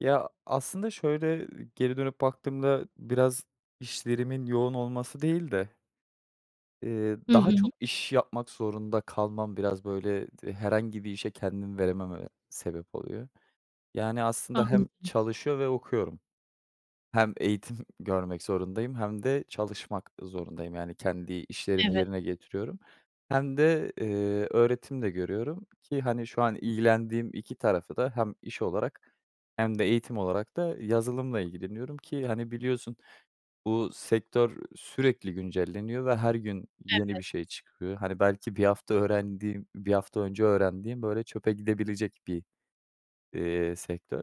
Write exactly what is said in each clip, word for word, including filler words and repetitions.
Ya aslında şöyle, eee, geri dönüp baktığımda biraz işlerimin yoğun olması değil de ııı Hı daha hı. çok iş yapmak zorunda kalmam biraz böyle herhangi bir işe kendimi veremememe sebep oluyor. Yani, aslında hem Anladım. çalışıyor ve okuyorum. Hem eğitim görmek zorundayım hem de çalışmak zorundayım. Yani, kendi işlerimi Evet. yerine getiriyorum hem de, eee, öğretim de görüyorum ki, hani, şu an ilgilendiğim iki tarafı da hem iş olarak hem de eğitim olarak da yazılımla ilgileniyorum ki, hani, biliyorsun bu sektör sürekli güncelleniyor ve her gün yeni bir Evet. şey çıkıyor. Hani, belki bir hafta öğrendiğim, bir hafta önce öğrendiğim, böyle, çöpe gidebilecek bir, iii, sektör.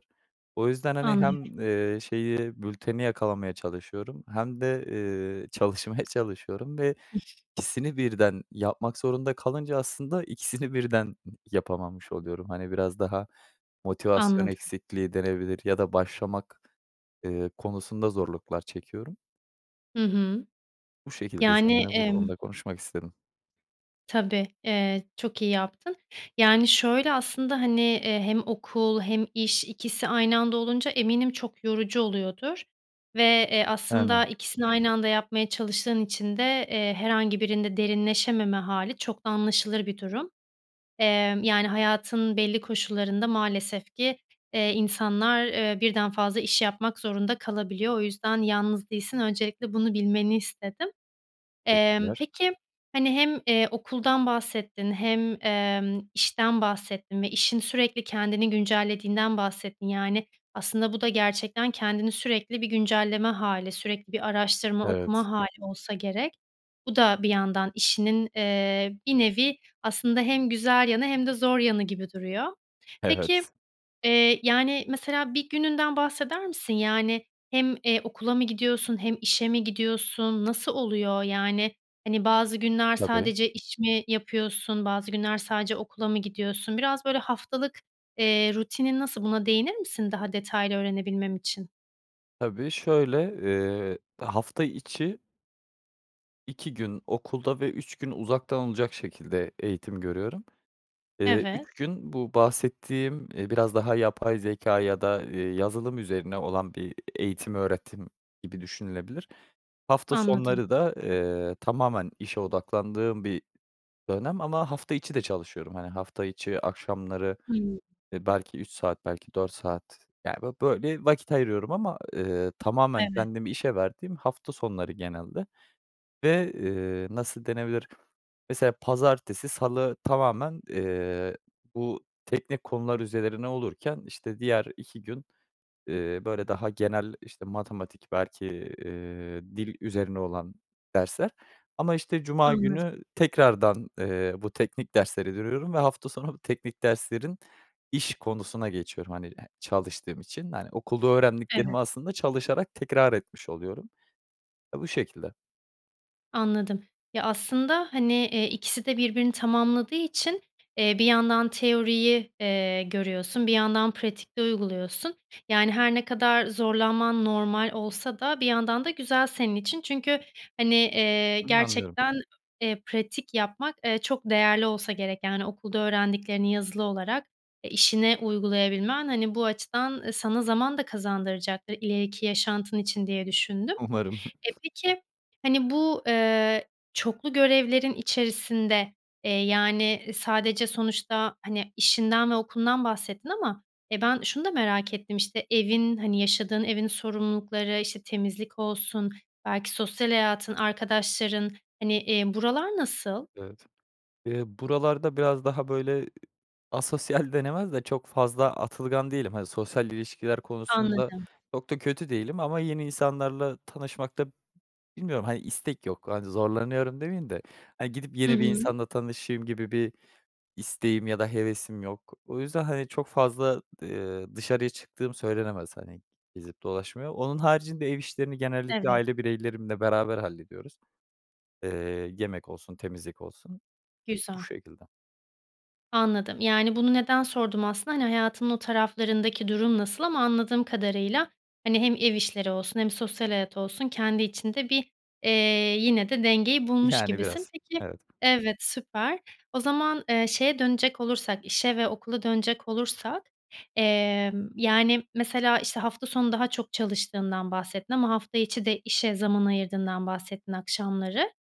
O yüzden, hani, Anlıyorum. hem, ııı, şeyi bülteni yakalamaya çalışıyorum hem de, ııı, çalışmaya çalışıyorum ve ikisini [unintelligible] ikisini birden yapmak zorunda kalınca aslında ikisini birden yapamamış oluyorum. Hani, biraz daha motivasyon Anladım. eksikliği denebilir ya da başlamak, ııı, konusunda zorluklar çekiyorum. Hı hı. Bu şekilde Yani, seninle bu emm konuda konuşmak istedim. Tabii. Eee, çok iyi yaptın. Yani, şöyle aslında, hani, eee, hem okul hem iş ikisi aynı anda olunca eminim çok yorucu oluyordur. Ve, eee, Yani. aslında ikisini aynı anda yapmaya çalıştığın için de, eee, herhangi birinde derinleşememe hâli çok da anlaşılır bir durum. Eee, yani, hayatın belli koşullarında maalesef ki, eee, insanlar, eee, birden fazla iş yapmak zorunda kalabiliyor. O yüzden yalnız değilsin, öncelikle bunu bilmeni istedim. Emm, Teşekkürler. peki hani hem, eee, okuldan bahsettin hem, emm, işten bahsettin ve işin sürekli kendini güncellediğinden bahsettin. Yani, aslında bu da gerçekten kendini sürekli bir güncelleme hâli, sürekli bir araştırma Evet. okuma hâli olsa gerek. Bu da bir yandan işinin, eee, bir nevi aslında hem güzel yanı hem de zor yanı gibi duruyor. Peki, Evet. eee, yani, mesela bir gününden bahseder misin? Yani, hem, eee, okula mı gidiyorsun hem işe mi gidiyorsun? Nasıl oluyor? Yani, hani, bazı günler Tabii. sadece iş mi yapıyorsun, bazı günler sadece okula mı gidiyorsun? Biraz, böyle, haftalık, eee, rutinin nasıl buna değinir misin daha detaylı öğrenebilmem için? Tabii, şöyle, eee, hafta içi iki gün okulda ve üç gün uzaktan olacak şekilde eğitim görüyorum. Eee, Evet. üç gün bu bahsettiğim, eee, biraz, daha, yapay zekâ, ya da, eee, yazılım üzerine olan bir eğitim, öğretim gibi düşünülebilir. Hafta Anladım. sonları da, eee, tamamen işe odaklandığım bir dönem ama hafta içi de çalışıyorum. Hani, hafta içi akşamları, Hımm. eee, belki üç saat belki dört saat yani bö böyle vakit ayırıyorum ama, eee, tamamen Evet. kendimi işe verdiğim, hafta sonları genelde ve, eee, nasıl denebilir? Mesela pazartesi, salı tamamen, eee, bu, teknik konular üzerine olurken, işte, diğer iki gün, eee, böyle, daha genel, işte, matematik belki, eee, dil üzerine olan dersler. Ama, işte, cuma Anladım. günü tekrardan, eee, bu teknik dersleri görüyorum ve hafta sonu teknik derslerin iş konusuna geçiyorum. Hani, çalıştığım için, hani, okulda öğrendiklerimi Evet. aslında çalışarak tekrar etmiş oluyorum. Ya, bu şekilde. Anladım. Ya, aslında, hani, eee, ikisi de birbirini tamamladığı için, eee, bir yandan teoriyi, eee, görüyorsun, bir yandan bir yandan pratikte uyguluyorsun. Yani, her ne kadar zorlanman normal olsa da, bir yandan da güzel senin için çünkü, hani, eee, Anlıyorum. gerçekten, eee, pratik yapmak, eee, çok değerli olsa gerek, yani, okulda öğrendiklerini yazılı olarak, eee, işine uygulayabilmen, hani, bu açıdan sana zaman da kazandıracaktır, ileriki yaşantın için diye düşündüm. Umarım. Eee, peki, hani, eee, bu çoklu görevlerin içerisinde, eee, yani, sadece, sonuçta, hani, işinden ve okulundan bahsettin ama, eee, ben şunu da merak ettim, işte, evin, hani, yaşadığın evin sorumlulukları, işte, temizlik olsun, belki sosyal hayatın, arkadaşların, hani, eee, buralar nasıl? Evet, eee, buralarda biraz daha, böyle, asosyal denemez de, çok fazla atılgan değilim. Hani, sosyal ilişkiler konusunda Anladım. çok da kötü değilim ama yeni insanlarla tanışmakta bilmiyorum. Hani, istek yok, hani, zorlanıyorum demiyim de, aaa, gidip, Hı yeni bir hı. insanla tanışayım gibi bir isteğim ya da hevesim yok. O yüzden, hani, çok fazla, eee, dışarıya çıktığım söylenemez. Hani, gezip dolaşmaya. Onun haricinde, ev işlerini genellikle Evet. aile bireylerimle beraber hallediyoruz. Eee, yemek olsun, temizlik olsun. Bu Güzel. şekilde. Anladım, yani, bunu neden sordum aslında, hani, hayatının o taraflarındaki durum nasıl ama anladığım kadarıyla, hani, hem ev işleri olsun hem sosyal hayat olsun, kendi içinde bir, eee, yine, de dengeyi bulmuş Yani gibisin. biraz, Peki evet. Evet, süper. O zaman, eee, şeye dönecek olursak, işe ve okula dönecek olursak, emm, yani, mesela, işte, hafta sonu daha çok çalıştığından bahsettin ama hafta içi de işe zaman ayırdığından bahsettin akşamları.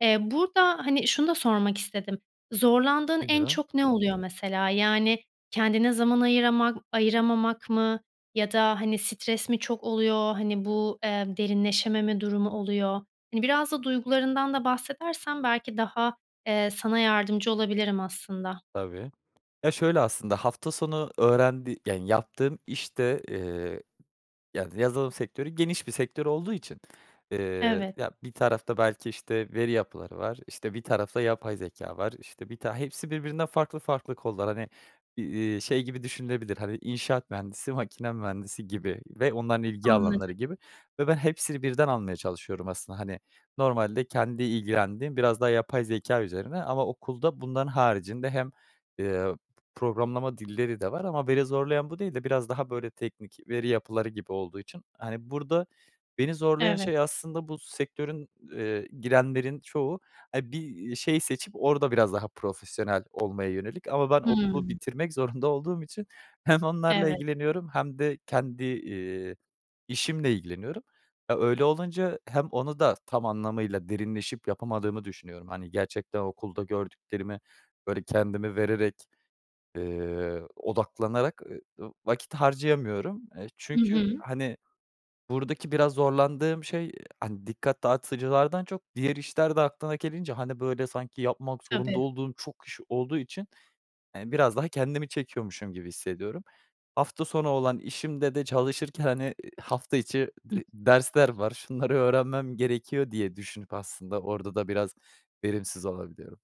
Eee, burada, hani, şunu da sormak istedim, zorlandığın Nedir en o? çok ne oluyor mesela? Yani, kendine zaman ayırama ayıramamak mı, ya da, hani, stres mi çok oluyor, hani, bu, eee, derinleşememe durumu oluyor? Hani, biraz da duygularından da bahsedersen, belki daha, ee,e sana yardımcı olabilirim aslında. Tabii. Ya, şöyle aslında, hafta sonu öğrendi yani yaptığım, işte, eee, yani yazılım sektörü, geniş bir sektör olduğu için, eee, Evet. ya bir tarafta belki, işte, veri yapıları var, işte, bir tarafta yapay zekâ var, işte, bir tane hepsi birbirinden farklı farklı kollar. Hani, eee, şey gibi düşünülebilir. Hani, inşaat mühendisi, makine mühendisi gibi ve onların ilgi Anladım. alanları gibi ve ben hepsini birden almaya çalışıyorum aslında. Hani, normalde kendi ilgilendiğim, biraz daha yapay zekâ üzerine ama okulda bunların haricinde hem, eee, programlama dilleri de var ama beni zorlayan bu değil de, biraz daha böyle, teknik veri yapıları gibi olduğu için, hani, burada beni zorlayan Evet. şey aslında bu sektörün, eee, girenlerin çoğu, hani, bir şey seçip, orada biraz daha profesyonel olmaya yönelik ama ben okulu Hımm. bitirmek zorunda olduğum için hem onlarla Evet. ilgileniyorum hem de kendi, eee, işimle ilgileniyorum. E, öyle olunca hem onu da tam anlamıyla derinleşip yapamadığımı düşünüyorum. Hani, gerçekten okulda gördüklerimi, böyle, kendimi vererek, eee, odaklanarak e ı vakit harcayamıyorum. Eee, I çünkü, hı. hani, buradaki biraz zorlandığım şey, hani, dikkat dağıtıcılardan çok, diğer işler de aklına gelince, hani, böyle, sanki yapmak zorunda Tabii. olduğum çok iş olduğu için, eee, biraz daha kendimi çekiyormuşum gibi hissediyorum. Hafta sonu olan işimde de, çalışırken hani, ııı, hafta içi Ih. d dersler var. Şunları öğrenmem gerekiyor diye düşünüp aslında, orada da biraz verimsiz olabiliyorum.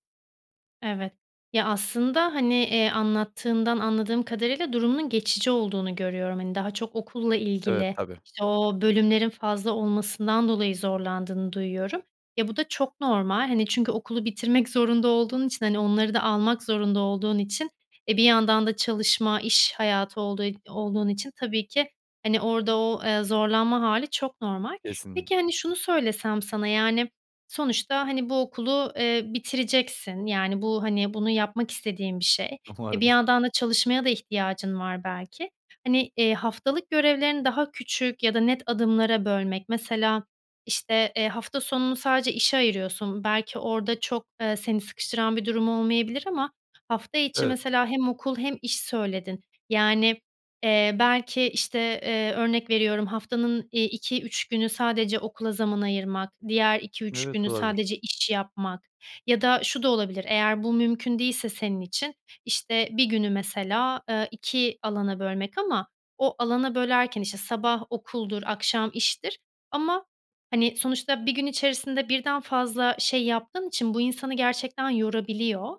Evet, ya, aslında, hani, eee, anlattığından anladığım kadarıyla durumunun geçici olduğunu görüyorum, hani, daha çok okulla Evet ilgili, tabii. işte, o bölümlerin fazla olmasından dolayı zorlandığını duyuyorum. Ya, bu da çok normal, hani, çünkü okulu bitirmek zorunda olduğun için, hani, onları da almak zorunda olduğun için, eee, bir yandan da çalışma iş hayatı olduğu ol olduğun için tabii ki, hani, orada o, eee, zorlanma hâli çok normal. Kesinlikle. Peki, hani, şunu söylesem sana, yani, sonuçta, hani, bu okulu, eee, bitireceksin, yani bu, hani, bunu yapmak istediğin bir şey. Eee, bir Umarım. yandan da çalışmaya da ihtiyacın var, belki. Hani, eee, haftalık görevlerini daha küçük ya da net adımlara bölmek mesela, işte, eee, hafta sonunu sadece işe ayırıyorsun, belki, orada çok, eee, seni sıkıştıran bir durum olmayabilir ama hafta içi Evet. mesela hem okul hem iş söyledin, yani, eee, belki, işte, eee, örnek veriyorum haftanın, iii, iki üç günü sadece okula zaman ayırmak diğer iki üç Evet günü olabilir. sadece iş yapmak ya da şu da olabilir eğer bu mümkün değilse senin için, işte, bir günü mesela, eee, iki alana bölmek ama o alana bölerken, işte, sabah okuldur akşam iştir ama, hani, sonuçta bir gün içerisinde birden fazla şey yaptığın için bu insanı gerçekten yorabiliyor.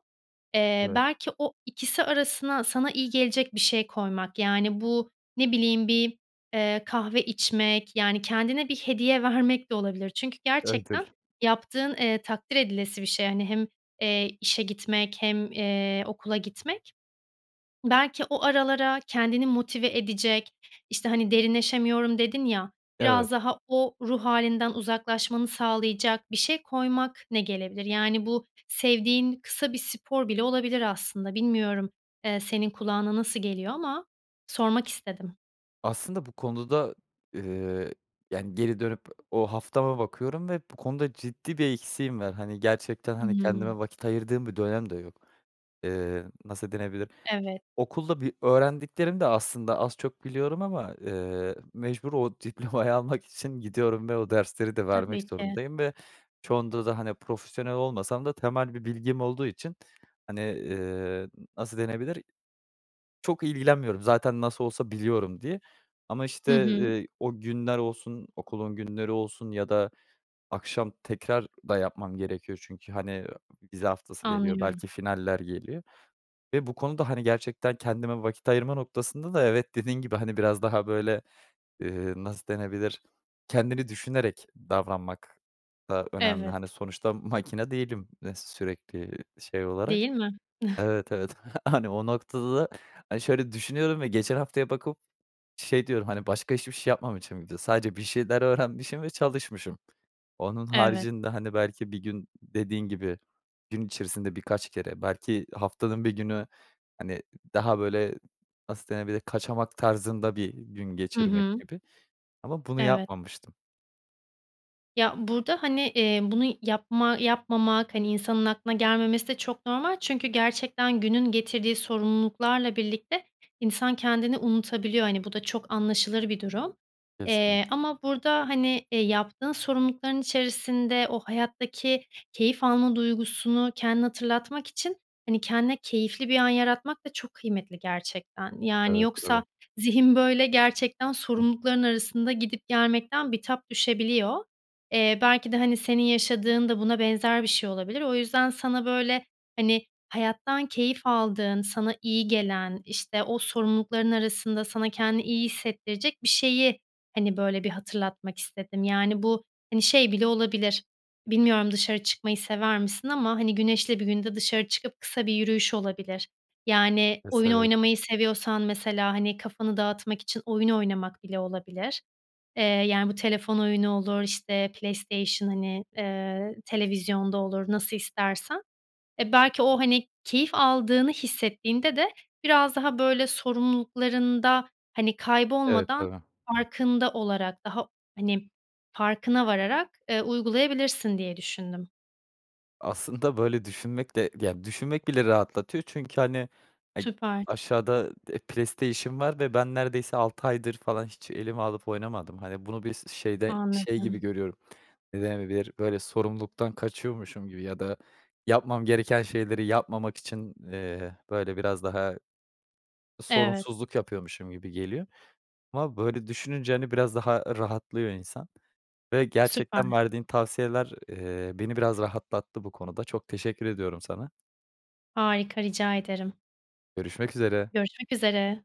Eee, Evet. belki o ikisi arasına sana iyi gelecek bir şey koymak, yani, bu ne bileyim bir, eee, kahve içmek, yani, kendine bir hediye vermek de olabilir çünkü gerçekten [unintelligible] yaptığın, eee, takdir edilesi bir şey, hani, hem, eee, işe gitmek hem, eee, okula gitmek belki o aralara kendini motive edecek, işte, hani, derinleşemiyorum dedin, ya, biraz Evet. daha o ruh hâlinden uzaklaşmanı sağlayacak bir şey koymak ne gelebilir? Yani, bu sevdiğin kısa bir spor bile olabilir aslında. Bilmiyorum, eee, senin kulağına nasıl geliyor ama sormak istedim. Aslında bu konuda, eee, yani, geri dönüp o haftama bakıyorum ve bu konuda ciddi bir eksiğim ver. Hani, gerçekten, hani, Hımm. kendime vakit ayırdığım bir dönem de yok. Eee, nasıl denilebilir? Evet. Okulda bir öğrendiklerim de aslında az çok biliyorum ama, eee, mecbur o diplomayı almak için gidiyorum ve o dersleri de vermek Tabii ki. zorundayım ve çoğunda da, hani, profesyonel olmasam da temel bir bilgim olduğu için, hani, eee, nasıl denebilir, çok ilgilenmiyorum zaten. "Nasıl olsa biliyorum." diye ama Hı işte, hı. eee, o günler olsun, okulun günleri olsun ya da akşam tekrar da yapmam gerekiyor. Çünkü, hani, vize haftası geliyor, Anlıyorum. belki finaller geliyor ve bu konuda, hani, gerçekten kendime vakit ayırma noktasında da, evet, dediğin gibi, hani, biraz daha böyle, eee, nasıl denebilir, kendini düşünerek davranmak da önemli. Evet. Hani, sonuçta makine değilim, eee, sürekli şey olarak. Değil mi? Evet, evet, hani, o noktada, hani, şöyle düşünüyorum ve geçen haftaya bakıp şey diyorum. Hani, başka hiçbir şey yapmamışım bir de; sadece bir şeyler öğrenmişim ve çalışmışım. Onun Evet. haricinde, hani, belki bir gün, dediğin gibi, gün içerisinde birkaç kere, belki haftanın bir günü, hani, daha böyle nasıl denebilir, kaçamak tarzında bir gün Hı geçirmek hı. gibi ama bunu Evet. yapmamıştım. Ya, burada, hani, eee, bunu yapma yapmamak, hani, insanın aklına gelmemesi de çok normal çünkü gerçekten günün getirdiği sorumluluklarla birlikte insan kendini unutabiliyor. Hani, bu da çok anlaşılır bir durum. Kesin Eee, ama burada, hani, eee, yaptığın sorumlulukların içerisinde o hayattaki keyif alma duygusunu kendine hatırlatmak için, hani, kendine keyifli bir an yaratmak da çok kıymetli gerçekten. Yani, Evet, yoksa tabii. zihin böyle gerçekten Hıh. sorumlulukların arasında gidip gelmekten bitap düşebiliyor. Eee, belki de, hani, senin yaşadığın da buna benzer bir şey olabilir. O yüzden sana böyle, hani, hayattan keyif aldığın, sana iyi gelen, işte, o sorumlulukların arasında sana kendini iyi hissettirecek bir şeyi, hani, böyle bir hatırlatmak istedim. Yani, bu, hani, şey bile olabilir, bilmiyorum, dışarı çıkmayı sever misin ama, hani, güneşli bir günde dışarı çıkıp kısa bir yürüyüş olabilir. Yani, oyun [unintelligible] oynamayı seviyorsan mesela, hani, kafanı dağıtmak için oyun oynamak bile olabilir. Eee, yani, bu telefon oyunu olur, işte, PlayStation, hani, eee, televizyon da olur, nasıl istersen. Eee, belki o, hani, keyif aldığını hissettiğinde de biraz daha böyle sorumluluklarında, hani, Evet, kaybolmadan, tabii. farkında olarak, daha hani, farkına vararak, eee, uygulayabilirsin diye düşündüm. Aslında böyle düşünmek de, yani, düşünmek bile rahatlatıyor. Çünkü, hani, eee, Süper. aşağıda, eee, PlayStation var ve ben neredeyse altı aydır falan hiç elime alıp oynamadım. Hani, bunu bir s şeyde şey gibi Anladım. görüyorum. Ne denebilir? Böyle sorumluluktan kaçıyormuşum gibi ya da yapmam gereken şeyleri yapmamak için, eee, böyle biraz daha Evet. sorumsuzluk yapıyormuşum gibi geliyor ama böyle düşününce, hani, biraz daha rahatlıyor insan ve gerçekten Süper. verdiğin tavsiyeler, eee, beni biraz rahatlattı bu konuda. Çok teşekkür ediyorum sana. Harika, rica ederim. Görüşmek üzere. Görüşmek üzere.